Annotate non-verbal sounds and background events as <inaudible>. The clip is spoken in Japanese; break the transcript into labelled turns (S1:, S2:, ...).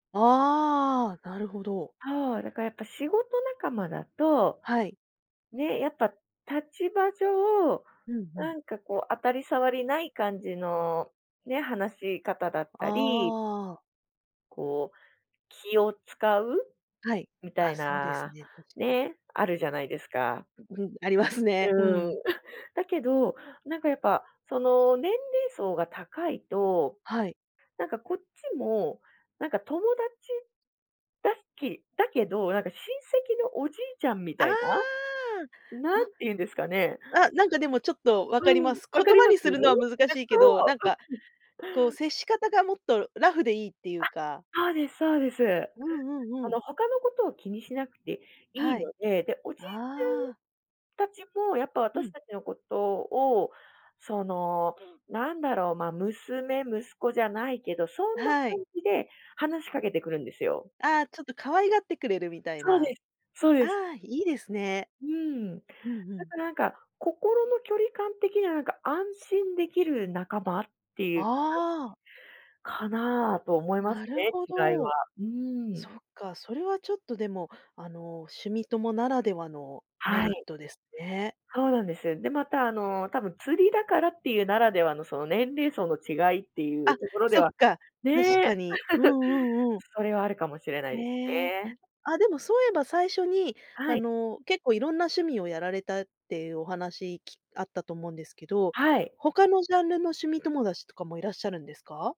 S1: ああああ、なるほど。
S2: そう、だか、やっぱ仕事仲間だと、
S1: はい。
S2: ね、やっぱ立場上、
S1: うん、ふ
S2: な
S1: ん。
S2: んかこう当たり障りない感じの、ね、話し方だっ
S1: あ
S2: たり
S1: あああ。
S2: こう気を遣う
S1: はい、
S2: みた
S1: あ、
S2: い
S1: そうです
S2: な、
S1: ね、確かに。
S2: ね、あるじゃないですか。
S1: う、うん、ありますね。う
S2: うん。
S1: ん。
S2: <chuckles> だけど、なんかやっぱその、年齢層が高いと、
S1: はい。
S2: なんかこっちも、なんか友達、だすきだけど、なんか親戚のおじいちゃんみ
S1: あ
S2: たいな、
S1: あ、
S2: なん
S1: あ。
S2: てゆうんですかね。
S1: あ、なんかでもちょっと分
S2: う
S1: かりま
S2: ん、
S1: す。
S2: 分
S1: 言
S2: かり
S1: 葉
S2: ます？
S1: にするのは難し
S2: え、
S1: いけ
S2: そ
S1: ど、な
S2: う。
S1: んか
S2: <chuckles>
S1: こう接し方がもっとラフでいいってゆ
S2: あ、
S1: うか
S2: そうですそうです。
S1: うんう
S2: あ
S1: んう
S2: の、
S1: ん。
S2: 他のことを気にしなくていい
S1: はい、
S2: ので、で、おじいち
S1: ああ。
S2: ゃんたちもやっぱ
S1: う
S2: 私
S1: ん。
S2: たちのことを、その、なんだろう、ま、娘、息子じゃないけど、そんな
S1: は
S2: 感
S1: い。
S2: じで話しかけてくるんですよ。
S1: ああ、ちょっと可愛がってくれるみたい
S2: そう
S1: な、
S2: です、そう
S1: あ
S2: です。
S1: あ、いいですね。
S2: うーん、
S1: うんう
S2: だ
S1: ん。
S2: か、なんか、心の距離感的にはなんか安心できる仲間ってゆう、ん
S1: ああ。
S2: かなと思います
S1: なる
S2: ね、
S1: ほ
S2: 違いは。
S1: ど。
S2: うーん。
S1: そっか、それはちょっとでも、あの、趣味友ならではのメ
S2: は
S1: リッ
S2: い。
S1: トですね。
S2: そうなんです。で、また、あの、たぶん釣りだからっていうならではの、その、年齢層の違いっていう
S1: あ、
S2: ところで
S1: そっ
S2: は
S1: か、確
S2: ね
S1: か
S2: え。
S1: に。うんうんうん。
S2: <chuckles> それはあるかもしれないです
S1: へえ。
S2: ね。
S1: あ、でもそういえば最初に、あ
S2: はい。
S1: の、結構色んな趣味をやられたってゆうお話、きあったと思うんですけど、
S2: はい。
S1: 他のジャンルの趣味友達とかもいらっしゃるんですか？